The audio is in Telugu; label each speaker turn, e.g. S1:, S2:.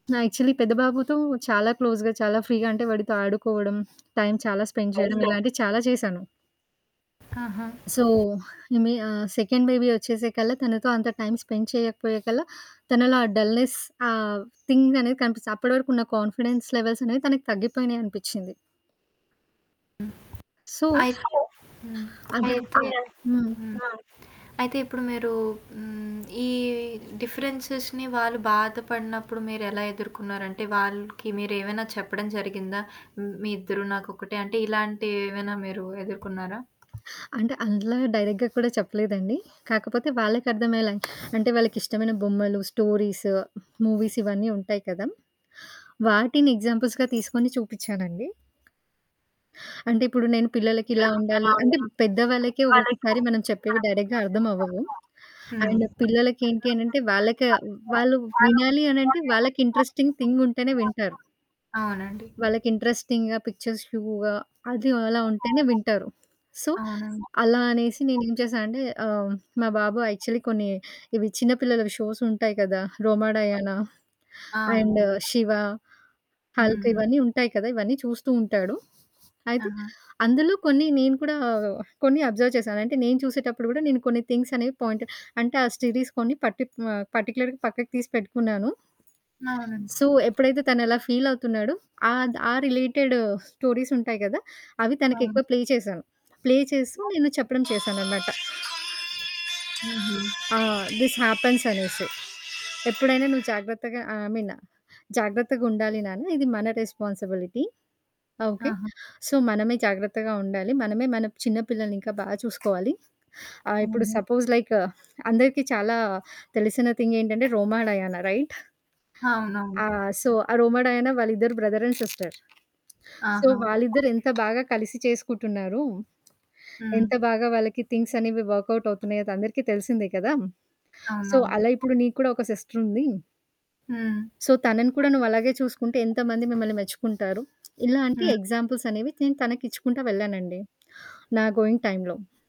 S1: నా యాక్చువల్లీ పెద్దబాబుతో చాలా క్లోజ్‌గా, చాలా ఫ్రీగా అంటే వాడితో ఆడుకోవడం, టైం చాలా స్పెండ్ జేయడం,
S2: అవునా?
S1: ఇలాంటివి చాలా చేశాను.
S2: ఆహా!
S1: సో, ఇమీ ఆహ్ సెకండ్ బేబీ వచ్చేసేకల్లా, తనతో అంత టైమ్ స్పెండ్ చేయకపోయేకల్లా, తనలో ఆ డల్‌‌‌నెస్ ఆ థింగ్ అనేది కనిపిస్తది. అప్పడి వరకున్న కాన్ఫిడెన్స్ లెవెల్స్ అనేవి, తనకి తగ్గిపోయినయనిపిచ్చింది.
S2: హ్మ్.
S1: సో...
S2: అయ్ హ్మ్.
S1: అదా
S2: అయితే
S1: హ్మ్.
S2: హ్మ్. అయితే. ఇప్పుడు మీరు హ్మ్. ఈ డిఫరెన్సెస్‌‌ని వాళ్ళు బాధపడినప్పుడు మీరెలా ఎదుర్కున్నారంటే, వాళ్ళకి మీరేవైనా చెప్పడం జరిగిందా? హ్మ్, మీ ఇద్దరు నాకొక్కటే, అంటే ఇలాంటివేమైనా మీరు ఎదుర్కున్నారా?
S1: అంటే అంతలాగ డైరెక్ట్‌గా కూడా చెప్పలేదండి. కాకపోతే వాళ్ళకర్థమయ్యేలా అంటే, వాళ్ళకిష్టమైన బొమ్మలు స్టోరీస్, మూవీస్ ఇవన్నీ ఉంటాయి కదా! వాటిని ఎగ్జాంపుల్స్‌‌గా తీసుకొని చూపిచ్చానండి. అంటే, ఇప్పుడు నేను పిల్లలకిలా ఉండాలి అంటే, పెద్దవాళ్ళకే ఒక్కొక్కసారి మనం చెప్పేవి డైరెక్ట్‌‌‌‌‌‌‌‌గా అర్థమవ్వవు.
S2: హ్మ్.
S1: అండ్ పిల్లలకేంటి అనంటే, వాళ్ళక వాళ్ళు వినాలి అనంటే, వాళ్ళకి ఇంట్రెస్టింగ్ థింగ్ ఉంటేనే వింటారు.
S2: అవునండి.
S1: వాళ్ళకి ఇంట్రెస్టింగ్‌గా పిక్చర్స్ వ్యూగా అది అలా ఉంటేనే వింటారు. సో,
S2: అవునేమో!
S1: అలా అనేసి నేనేం చేశా అంటే, ఆహ్, మా బాబు యాక్చువల్లీ కొన్ని ఇవి చిన్నపిల్లలవి షోసుంటాయి కదా! 'రోమా డయానా'
S2: ఆ!
S1: అండ్
S2: అవునండి.
S1: 'శివ',
S2: హ్మ్.
S1: 'హల్క్'
S2: హ్మ్.
S1: ఇవన్నీ ఉంటాయి కదా! ఇవన్నీ చూస్తూ ఉంటాడు. అయితే
S2: ఆహా!
S1: అందులో కొన్ని నేను కూడా, కొన్ని అబ్జర్వ్ చేశాను. అంటే నేను చూసేటప్పుడు గూడా నేను కొన్ని థింగ్స్ అనేవి పాయింట్ అంటే ఆ సిరీస్ కొన్ని పర్టి ఆహ్, పర్టిక్యులర్‌గా పక్కకు తీసి పెట్టుకున్నాను.
S2: అవునండి.
S1: సో, ఎప్పుడైతే తనలా ఫీలవుతున్నాడో, ఆద్ ఆ రిలేటెడు స్టోరీసుంటాయి గదా! అవి
S2: అవును.
S1: తనకెక్కువ ప్లే చేశాను. ప్లే చేస్తూ
S2: [unintelligible]
S1: నేను చెప్పడం చేశానన్నమాట.
S2: హుహు.
S1: ఆ! దిస్ హ్యాపెన్స్ అనేసి. ఎప్పుడైనా నువ్వు జాగ్రత్తగా ఐ మీన్, జాగ్రత్తగా ఉండాలి నాన్న, ఇది మన రెస్పాన్సిబిలిటీ, ఆహ్, ఓకె.
S2: ఆహా!
S1: సో, మనమే జాగ్రత్తగా ఉండాలి, మనమే మన చిన్న పిల్లల్నింకా బాగా చూసుకోవాలి. ఆహ్, ఇప్పుడు
S2: హుహు.
S1: సపోజ్ లైక్ అందరికి చాలా తెలిసిన థింగ్ ఏంటంటే, 'రోమా డయానా' రైట్! ఆ!
S2: అవునవును.
S1: సో, ఆ 'రోమ డయానా' వాళ్ళిద్దరు బ్రదర్ అండ్ సిస్టర్. సో,
S2: ఆహా!
S1: వాళ్ళిద్దరెంత బాగా కలిసి చేసుకుంటున్నారు,
S2: హ్మ్.
S1: ఎంత బాగా వాళ్ళకి థింగ్స్ అనేవి వర్కౌట్ అవుతున్నాయి అది అందరికి తెలిసిందే కదా! సో,
S2: అవునవును.
S1: అలా ఇప్పుడు నీకు కూడా ఒక సిస్టరుంది...
S2: హ్మ్.
S1: సో, తనని కూడా నువ్వలాగే చూసుకుంటే, ఎంతమంది మిమ్మల్ని మెచ్చుకుంటారు. ఇలాంటి
S2: హ్మ్.
S1: ఎగ్జాంపుల్స్ అనేవి, నేను తనకి ఇచ్చుకుంటా వెళ్ళానండి. నా గోయింగ్ టైమ్‌లో.